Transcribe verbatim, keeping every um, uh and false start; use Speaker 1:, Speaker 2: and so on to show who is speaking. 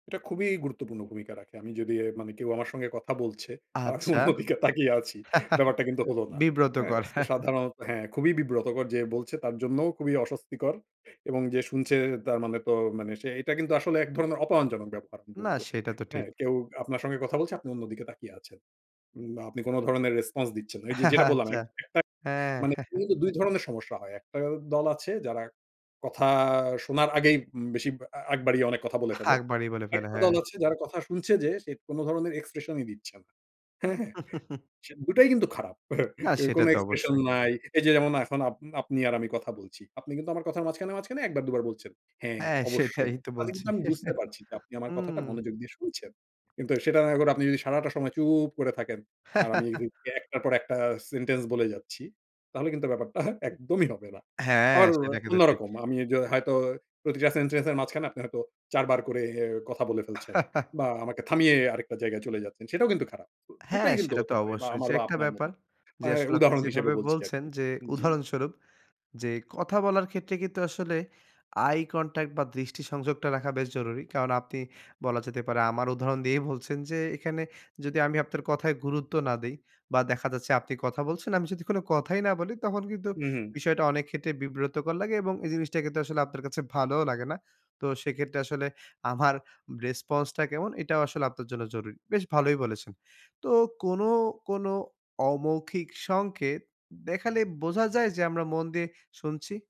Speaker 1: এটা খুবই গুরুত্বপূর্ণ ভূমিকা রাখে। আমি যদি এ মানে কেউ আমার সঙ্গে কথা বলছে, আমি
Speaker 2: আচ্ছা।
Speaker 1: অন্য দিকে তাকিয়ে আছি। ব্যাপারটা কিন্তু হল না। হ্যাঁ?
Speaker 2: বিব্রতকর।
Speaker 1: সো সাধারণত হ্যাঁ, খুবই বিব্রতকর। যে বলছে, তার জন্যও খুবই অস্বস্তিকর। এবং যে শুনছে, তার মানে তো মানে সে এটা কিন্তু আসলে এক ধরনের অপমানজনক ব্যপার, আমি
Speaker 2: না,
Speaker 1: বলবো।
Speaker 2: সেটা তো
Speaker 1: হ্যাঁ?
Speaker 2: ঠিক।
Speaker 1: কেউ আপনার সঙ্গে কথা বলছে, আপনি অন্যদিকে তাকিয়ে আছেন। ওম বা আপনি কোন ধরনের রেসপন্স দিচ্ছেন না। এই যে যেটা বললাম,
Speaker 2: আচ্ছা,
Speaker 1: একটা
Speaker 2: হ্যাঁ।
Speaker 1: মানে মূলত দুই ধরনের সমস্যা হয়। একটা দল আছে যারা কথা শোনার আগেই, উম বেশি আ আগ বাড়িয়ে অনেক কথা বলে ফেলে।
Speaker 2: আগ বাড়িয়ে বলে ফেলে,
Speaker 1: একটা
Speaker 2: হ্যাঁ।
Speaker 1: দল আছে যারা কথা শুনছে যে, সে কোন ধরনের এক্সপ্রেশনই দিচ্ছে না। হ্যাঁ? সে দুটাই কিন্তু খারাপ।
Speaker 2: না,
Speaker 1: এ
Speaker 2: সেটা
Speaker 1: কোন
Speaker 2: তো
Speaker 1: এক্সপ্রেশন
Speaker 2: অবশ্যই।
Speaker 1: নাই। এই যে যেমন এখন আপনি, আপনি আর আমি কথা বলছি। আপনি কিন্তু আমার কথার মাঝখানে, মাঝখানে এক বার দু বার বলছেন; "হ্যাঁ,
Speaker 2: হ্যাঁ, সেটাই
Speaker 1: অবশ্যই।"
Speaker 2: তো
Speaker 1: তাতে
Speaker 2: বলছি।
Speaker 1: কিন্তু আমি বুঝতে পারছি। যে আপনি আমার
Speaker 2: হুম।
Speaker 1: কথাটা মনোযোগ দিয়ে শুনছেন। কিন্তু সেটা এখন আপনি যদি সারাটা সময় চুপ করে থাকেন, আর আমি এই যে, যে একটার পর একটা সেন্টেন্স বলে যাচ্ছি, তাহলে কিন্তু ব্যাপারটা একদমই হবে না।
Speaker 2: হ্যাঁ,
Speaker 1: আমার ওরো
Speaker 2: সেটা কিন্তু ঠিক।
Speaker 1: অন্যরকম। আমি যে হয়তো প্রতিটা সেন্টেন্সের মাঝখানে আপনি হয়তো, চার বার করে কথা বলে ফেলছেন বা আমাকে থামিয়ে আরেকটা জায়গায় চলে যাচ্ছেন, সেটাও কিন্তু খারাপ। দু দুটাই
Speaker 2: হ্যাঁ,
Speaker 1: কিন্তু
Speaker 2: সেটা তো
Speaker 1: হতে পারে বা
Speaker 2: অবশ্যই।
Speaker 1: আমার
Speaker 2: যে
Speaker 1: বা
Speaker 2: একটা
Speaker 1: আপনার
Speaker 2: ব্যাপার,
Speaker 1: মধ্যে। আ
Speaker 2: যে আসলে আপনি
Speaker 1: উদাহরণ হিসেবে
Speaker 2: যেভাবে
Speaker 1: বলছি
Speaker 2: বলছেন।
Speaker 1: আরকি।
Speaker 2: যে
Speaker 1: জি।
Speaker 2: উদাহরণস্বরূপ, যে কথা বলার ক্ষেত্রে কিন্তু আসলে আই কনট্যাক্ট বা দৃষ্টি সংযোগটা রাখা বেশ জরুরি। কারণ আপনি বলা যেতে পারে, আমার উদাহরণ দিয়েই বলছেন। যে এখানে যদি আমি আপনার কথায় গুরুত্ব না দেই বা দেখা যাচ্ছে, আপনি কথা বলছেন, আমি যদি কোনো কথাই না বলি, তখন কিন্তু
Speaker 1: হুম, হুম।
Speaker 2: বিষয়টা অনেক ক্ষেত্রে বিব্রতকর লাগে এবং এই জিনিসটা কিন্তু আসলে আপনার কাছে ভালোও লাগে না। তো সেক্ষেত্রে আসলে আমার রেসপন্সটা কেমন? এটাও আসলে আপনার জন্য জরুরি। বেশ ভালোই বলেছেন। তো কোনো, কোনো অমৌখিক সংকেত দেখালে বোঝা যায় যে, আমরা মন দিয়ে শুনছি?